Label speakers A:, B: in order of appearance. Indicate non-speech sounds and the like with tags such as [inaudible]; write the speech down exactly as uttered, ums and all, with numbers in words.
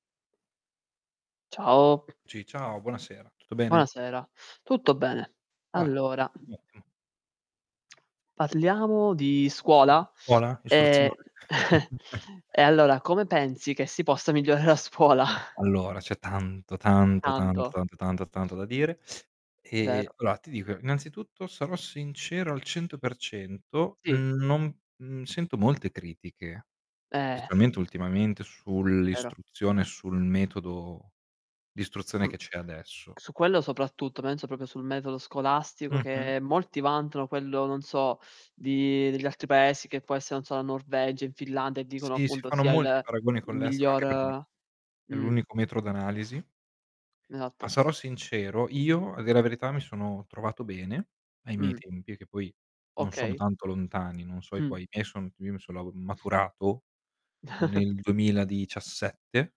A: Ciao.
B: Sì, ciao, buonasera. Tutto bene?
A: Buonasera. Tutto bene.
B: Vai.
A: Allora
B: Mh-mh.
A: Parliamo di scuola?
B: Scuola? Istruzione?
A: Ehm, [chuckles]
B: [chuckles]
A: e allora come pensi che si possa migliorare a scuola?
B: Allora, c'è tanto, tanto, tanto,
A: Tanto.
B: tanto, tanto, tanto, tanto da dire,
A: Vero.
B: ehm, allora, ti dico innanzitutto sarò sincero al cento per cento,
A: Sì.
B: n non mhmm, sento molte critiche
A: Eh.
B: specialmente ultimamente
A: Vero.
B: sull'istruzione, sul metodo d'istruzione che c'è adesso.
A: Su quello soprattutto, penso proprio sul metodo scolastico
B: Mh-mh.
A: che molti vantano quello, non so, di degli altri paesi che può essere, non so, la Norvegia, in Finlandia e dicono
B: Sì, si
A: appunto
B: fanno
A: sia
B: molti
A: il
B: paragoni
A: il
B: con l'estero anche perché
A: miglior
B: è
A: mh.
B: l'unico metro d'analisi. Ma
A: Esatto.
B: sarò sincero, io a dir la verità mi sono trovato bene ai miei
A: Mh.
B: tempi, che poi non sono
A: Okay.
B: tanto lontani, non so i
A: Mh.
B: tuoi, i miei son io mi son lau maturato
A: [chuckles]
B: nel duemiladiciassette?